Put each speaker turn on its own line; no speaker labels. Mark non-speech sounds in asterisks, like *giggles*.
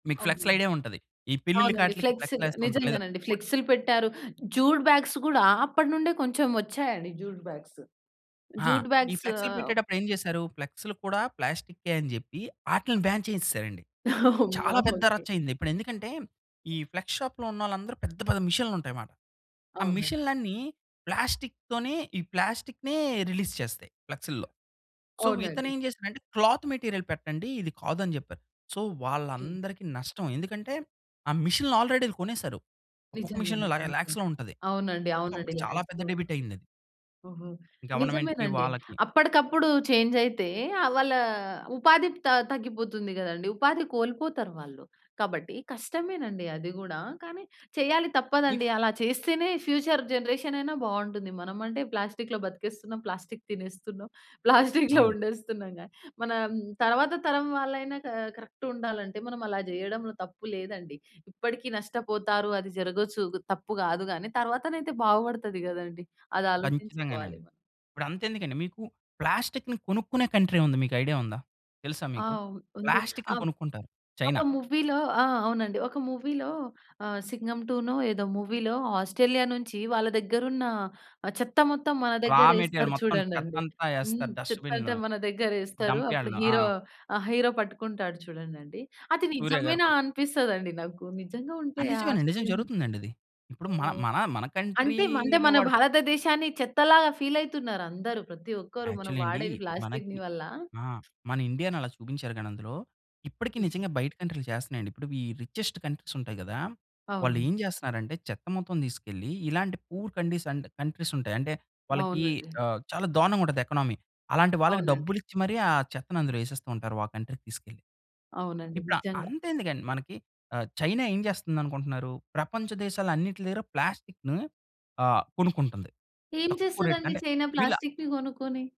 మీకు ఫ్లెక్స్‌లు
అవును.
ఐడియా ఉంటది. ఈ పెళ్లి‌ళ్ళ
అవునండి.
కాట్లీకి ఫ్లెక్స్‌లు
ఫ్లెక్స్‌లు
యేస్త ఉంటారు. లేదా
నిజంగానండి
*unintelligible*
ఫ్లెక్స్‌లు పెట్టారు. జూడ్ బ్యాగ్స్ గూడా, అప్పటి నుండే కొంచెం ఒచ్చాయండి జ్యూడ్ బ్యాగ్స్.
ఆ!
జూట్
ఈ
బ్యాగ్స్
ఫ్లెక్స్‌లు పెట్టేటప్పుడు ఏం జెసారు? ఫ్లెక్స్‌లు కూడా ప్లాస్టికే అని జెప్పి, అటిల్ని బాన్ చేసేసారండి.
*giggles* అమ్మో!
చాలా పెద్ద
ఓకె.
రచ్చ అయింది. ఇప్పుడు ఎందుకంటే, ఈ ఫ్లెక్స్ షాప్‌లో ఉన్నోళ్ళందరూ పెద్ద, పెద్ద మిషన్లుంటాయిమాట. ఆ
అవునండి.
మిషన్‌లన్నీ ప్లాస్టిక్‌తోనే, ఈ ప్లాస్టిక్‌నె రిలీజ్ చేస్తాయి ఫ్లెక్స్‌లో. సో, ఇతను
అవునండి.
ఏం చేసాడంటే, "క్లాత్ మెటీరియల్ పెట్టండి ఇది కాదు" అని జెప్పారు. సో,
కె
వాళ్ళందరికి నష్టం. ఎందుకంటే, ఆ మిషన్‌లు ఆల్రెడీ ఇవి కొనేసారు. ఒక్కొక్క మిషన్‌లో ల
నిజంగానండి. నిజంగా.
ల్యాక్స్‌లో ఉంటది.
అవునండి.
సో,
అవునండి.
అప్పుడు చాలా పెద్ద
ల్యాక్స్‌లో
డెబిట్ అయిందది.
ఓహో!
గవర్నమెంట్‌కి,
నిజమేనండి.
వాళ్ళకి.
అప్పటికప్పుడు చేంజ్ అయితే, ఆ వాళ్ళ ఉపాధి త తగ్గిపోతుంది గదండీ! ఉపాధి కోల్పోతారు వాళ్ళు. కాబట్టి, కష్టమేనండి అది గూడా కానీ, చేయాలి
*unintelligible*
తప్పదండి. అలా చేస్తేనే ఫ్యూచర్ జనరేషన్ అయినా బాగుంటుంది. మనమంటే ప్లాస్టిక్‌లో బతికేస్తున్నాం, ప్లాస్టిక్ తినేస్తున్నాం, ప్లాస్టిక్‌లో
అవును.
ఉండేస్తున్నాం గానీ మన హ్మ్, తర్వాత తరం వాళ్ళైనా క కరెక్ట్ ఉండాలంటే, మనం అలా చేయడంలో తప్పు లేదండి. ఇప్పటికి నష్టపోతారు అది జరగొచ్చు. గ్ తప్పు గాదు గానీ తర్వాతనయితే బాగుపడతది కదండీ. అది ఆలోచించుకోవాలి
ఖచ్ఛితంగానండి.
మనం.
ఇప్పుడు అంతెందుకండి మీకు ప్లాస్టిక్‌ని కొనుక్కునే కంట్రీ ఉంది. మీకు ఐడియా ఉందా? తెలుసా
ఆ!
మీకు?
ఉ ఉంది.
ప్లాస్టిక్‌ని
ఆహ్,
కొనుక్కుంటారు. చైనా.
ఒక మూవీ‌లో ఆ! అవునండి. ఒక మూవీ‌లో ఆహ్, 'సింగం 2' నో ఏదో మూవీ‌లో ఆస్ట్రేలియా నుంచి వాళ్ళ దగ్గర ఉన్న ఆహ్, చెత్త మొత్తం మన దగ్గర
రామెటీరియల్
ఎస్తారు
మొత్తం
చూడండండి.
చెత్తంతా
హ్మ్.
ఏస్తారు
చెత్త అంటే
డస్ట్‌బిన్‌లో.
మన దగ్గర ఎస్తరు.
డంప్
అప్పుడు
యార్డ్‌లో. ఆ!
హీరో ఆహ్, హీరో పట్టుకుంటాడు చూడండండి. అది
సూర్య గారి.
నిజమేనా
*unintelligible*
అనిపిస్తదండి నాకు. నిజంగా
ఆ!
ఉంటయ
నిజమేనండి. నిజం
ఆస్ట్రేలియా నుంచి
జరుగుతుందండి ఇది. ఇప్పుడు మ
*unintelligible* హ్మ్.
మన మన
అంటే మ అంటే
కంట్రీ‌లో
మన
వాడు ప్
భారతదేశాన్ని చెత్తలాగా ఫీల్ అయితున్నారు అందరు ప్రతి ఒక్కరు మనం
యాక్చువల్లి అండి.
వాడేది ప్లాస్టిక్‌ని
మనకి
వల్ల.
ఆ! మన ఇండియా‌ని అలా చూపించారు గానీ అందులో, ఇప్పటికి నిజంగా బయట కంట్రీ‌లు చేస్తున్నాయండి. ఇప్పుడు ఈ రిచెస్ట్ కంట్రీస్ ఉంటాయి గదా! వాళ్ళు
అవునండి.
ఏం చేస్తున్నారంటే, చెత్త మొత్తం తీసుకెళ్ళి ఇలాంటి పూర్ కండిస్ అండ్ కంట్రీస్ ఉంటాయి. అంటే వాళ్ళకి
అవునండి.
ఆహ్, చాలా దారుణంగా ఉంటది ఎకనమీ. అలాంటి వాళ్ళకి
అవునండి.
డబ్బులు ఇచ్చి మరి ఆ చెత్తని అందులో యేసేస్తూంటారు ఆ కంట్రీ‌కి తీసుకెళ్ళి.
అవునండి.
ఇప్పుడు ఆహ్,
నిజంగా.
అంతెందుకండి మనకి ఆహ్, చైనా ఏం చేస్తుంది అనుకుంటున్నారు? ప్రపంచ దేశాలు అన్నిట్ల దగ్గర ప్లాస్టిక్‌ని ఆహ్, కొనుక్కుంటుంది
ఏం
తక్కువ రేట్‌కి.
చేస్తదండి
అంటే
చైనా
వీళ్ళ
ప్లాస్టిక్‌ని గొనుక్కొని?